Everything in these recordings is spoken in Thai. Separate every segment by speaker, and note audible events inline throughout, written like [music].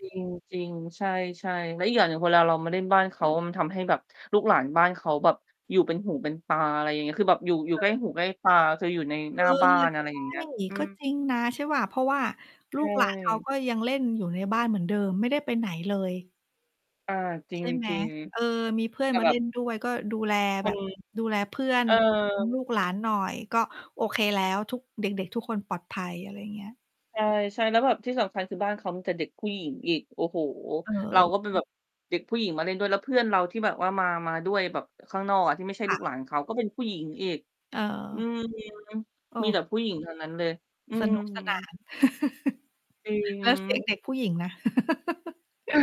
Speaker 1: จริง ๆ ใช่ ๆ แล้วอีกอย่างหนึ่งเวลาเรามาเล่นบ้านเขา มันทำให้แบบลูกหลานบ้านเขาแบบอยู่เป็นหูเป็นตา อะไรอย่างเงี้ย คือแบบอยู่ อยู่ใกล้
Speaker 2: เออ
Speaker 1: หูใกล้ตา คืออยู่ใน
Speaker 2: เ
Speaker 1: ห
Speaker 2: อ
Speaker 1: น้
Speaker 2: อ
Speaker 1: าบ้าน อะไร
Speaker 2: ใช
Speaker 1: อ
Speaker 2: ่
Speaker 1: ย่างเงี้ย อื
Speaker 2: ก็
Speaker 1: ม
Speaker 2: จริงนะ ใช่เปล่า เพราะว่า
Speaker 1: ใ
Speaker 2: ลู
Speaker 1: ช
Speaker 2: กหลาน เขา
Speaker 1: ่
Speaker 2: ก็ยังเล่นอยู่ในบ้านเหมือนเดิมไม่ได้ไปไหนเลย
Speaker 1: อา จ
Speaker 2: ใช่ไหม
Speaker 1: ริง
Speaker 2: เออ มีเพื่
Speaker 1: ๆ
Speaker 2: อ
Speaker 1: แต
Speaker 2: น
Speaker 1: ่
Speaker 2: มา
Speaker 1: แบ
Speaker 2: เล
Speaker 1: บ
Speaker 2: ่น ด้วย ก็ดูแล
Speaker 1: ค
Speaker 2: แบ
Speaker 1: น
Speaker 2: บดูแลเพื่อน
Speaker 1: เอ
Speaker 2: ล
Speaker 1: อ
Speaker 2: ูกหลานหน่อย ก็โอเคแล้ว ทุก เด็ก ๆ ทุกคนปลอดภัย อะไรอย่างเงี้ย
Speaker 1: ใช่ ๆ แล้วแบบที่สำคัญ คือบ้านเขามีแต่เด็กผู้หญิงอีก โอ้โฮ!
Speaker 2: เอ
Speaker 1: เรา
Speaker 2: อ ๆ
Speaker 1: ก็เป็นแบบเด็กผู้หญิงมาเล่นด้วย แล้วเพื่อนเราที่แบบว่ามา มาด้วยแบบข้างนอกอะที่ไม่ใช่
Speaker 2: ค
Speaker 1: ล
Speaker 2: ่
Speaker 1: ูก
Speaker 2: ะ
Speaker 1: หลานเขา ก็เป็นผู้หญิงอีก
Speaker 2: เ
Speaker 1: อื
Speaker 2: ออ
Speaker 1: ม
Speaker 2: โอ
Speaker 1: มี
Speaker 2: ้
Speaker 1: แต่ผู้หญิงทั้งนั้นเลย อื
Speaker 2: สนุกสนา
Speaker 1: ม
Speaker 2: น
Speaker 1: จริง
Speaker 2: [laughs]
Speaker 1: อ
Speaker 2: แล
Speaker 1: ื
Speaker 2: ้วเสียง
Speaker 1: ม
Speaker 2: เด็กผู้หญิงนะ [laughs]
Speaker 1: เออ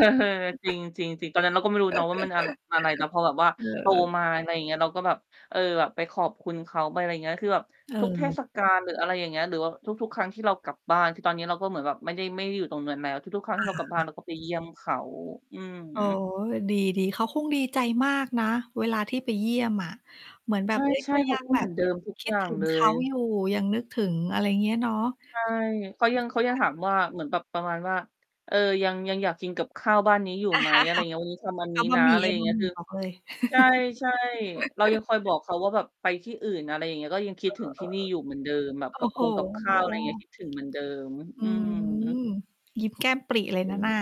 Speaker 1: จริง ๆ ๆ ตอนนั้นเราก็ไม่รู้เนาะ
Speaker 2: [laughs]
Speaker 1: ว่า มันอะ อะไร แต่พอแบบว่า
Speaker 2: เ
Speaker 1: โต
Speaker 2: ออ
Speaker 1: มา อะไรอย่างเงี้ย เราก็แบบ เออ แบบไปขอบคุณเขาไป อะไรอย่างเงี้ย คือแบบ
Speaker 2: เ
Speaker 1: ทุกเท
Speaker 2: ออ
Speaker 1: ศกาลหรือ อะไรอย่างเงี้ย หรือว่าทุก ๆ ครั้งที่เรากลับบ้าน คือตอนนี้เราก็เหมือนแบบไม่ได้ ไม่ได้อยู่ตรงนั้นแล้ว ทุก ๆ ครั้ง
Speaker 2: อ
Speaker 1: ที
Speaker 2: า
Speaker 1: ่เรากลับบ
Speaker 2: ค
Speaker 1: ้า
Speaker 2: ่
Speaker 1: น เ
Speaker 2: ะ
Speaker 1: ราก็ไปเยี่ยมเขา อืม
Speaker 2: อ๋อ ดี ๆ เขาคงดีใจมากนะ เวลาที่ไปเยี่ยมอะเหมือนแบ
Speaker 1: ใ
Speaker 2: บ เฮ้ย
Speaker 1: ช
Speaker 2: ก
Speaker 1: ่
Speaker 2: ็
Speaker 1: ๆ เข
Speaker 2: ยั
Speaker 1: า
Speaker 2: ง
Speaker 1: ก็
Speaker 2: แบ
Speaker 1: เหมือ
Speaker 2: บ
Speaker 1: นเดิมทุก
Speaker 2: คิ
Speaker 1: อ
Speaker 2: ด
Speaker 1: ย่า
Speaker 2: ถ
Speaker 1: ง
Speaker 2: ึง
Speaker 1: เล
Speaker 2: เขา
Speaker 1: ย
Speaker 2: อยู่ ยังนึกถึง อะไรอย่างเงี้ยเนาะ
Speaker 1: ใช่ เขายัง เขายัง
Speaker 2: [unintelligible]
Speaker 1: ถามว่า เหมือนแบบประมาณว่า "เอ่อ ยัง ยังอยากกินกับข้าวบ้านนี้อยู่ไหม?" อะไรอย่างเงี้ย "วันนี้ท
Speaker 2: [laughs]
Speaker 1: ำ อัน
Speaker 2: เ
Speaker 1: น
Speaker 2: อ
Speaker 1: ี
Speaker 2: า
Speaker 1: ้
Speaker 2: บ
Speaker 1: น
Speaker 2: ะ
Speaker 1: ะ"
Speaker 2: หม
Speaker 1: อ
Speaker 2: ี่
Speaker 1: ะไร
Speaker 2: เอา
Speaker 1: อย่า
Speaker 2: บ
Speaker 1: ง
Speaker 2: ะ
Speaker 1: นี้
Speaker 2: หมี
Speaker 1: ค
Speaker 2: ่
Speaker 1: ือ
Speaker 2: บอกเลย
Speaker 1: ใช่ ๆ เรายัง
Speaker 2: [laughs]
Speaker 1: คอยบอกเขาว่าแบบไปที่อื่น อะไรอย่างเงี้ย ก็ยังคิดถึงที่นี่อยู่เหมือนเดิม แบบ
Speaker 2: เออ ๆ โอ
Speaker 1: กับ
Speaker 2: ้โฮ
Speaker 1: คง กับข
Speaker 2: โ
Speaker 1: ้า
Speaker 2: อ้
Speaker 1: ว อะไรอย่างเงี้ย คิดถึงเหมือนเดิม
Speaker 2: อื
Speaker 1: อืม
Speaker 2: ม ยิ้มแก้มปริเลยนะน่ะ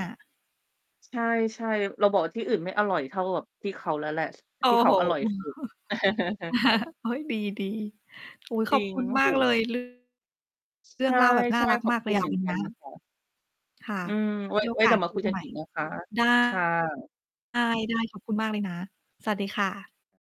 Speaker 1: ใช่ ๆ เราบอกว่า "ที่อื่นไม่อร่อยเท่ากับที่เขาแล้วแหละ
Speaker 2: โอ้
Speaker 1: ที่เข
Speaker 2: โฮ
Speaker 1: าอร่อย สุด" [chuckles]
Speaker 2: [laughs] โอ๊ย ดี ๆ อุ๊ย
Speaker 1: จ
Speaker 2: ข
Speaker 1: ร
Speaker 2: อ
Speaker 1: ิ
Speaker 2: บ
Speaker 1: ง
Speaker 2: คุณ
Speaker 1: โอ้
Speaker 2: มา
Speaker 1: โ
Speaker 2: กเล
Speaker 1: ฮ
Speaker 2: ย เรื่อง เรื่
Speaker 1: ใ
Speaker 2: องเล่าแบบน่า
Speaker 1: ช่
Speaker 2: รัก
Speaker 1: ๆ ขอ
Speaker 2: ม
Speaker 1: บ
Speaker 2: ากเ
Speaker 1: ค
Speaker 2: ล
Speaker 1: ุ
Speaker 2: ย
Speaker 1: ณ
Speaker 2: อะ
Speaker 1: เหมือนกัน
Speaker 2: [unintelligible]
Speaker 1: ค่ะ
Speaker 2: ค่ะ
Speaker 1: อืม ไว้
Speaker 2: มีโอ
Speaker 1: ไว้
Speaker 2: ก
Speaker 1: เด
Speaker 2: า
Speaker 1: ี
Speaker 2: ส
Speaker 1: ๋ยวม
Speaker 2: ค
Speaker 1: า
Speaker 2: ุ
Speaker 1: คุ
Speaker 2: ย
Speaker 1: ยก
Speaker 2: ใ
Speaker 1: ัน
Speaker 2: หม่
Speaker 1: อีกนะคะ
Speaker 2: ได้
Speaker 1: ค่ะ
Speaker 2: ได้ ๆ ขอบคุณมากเลยนะ สวัสดีค่ะ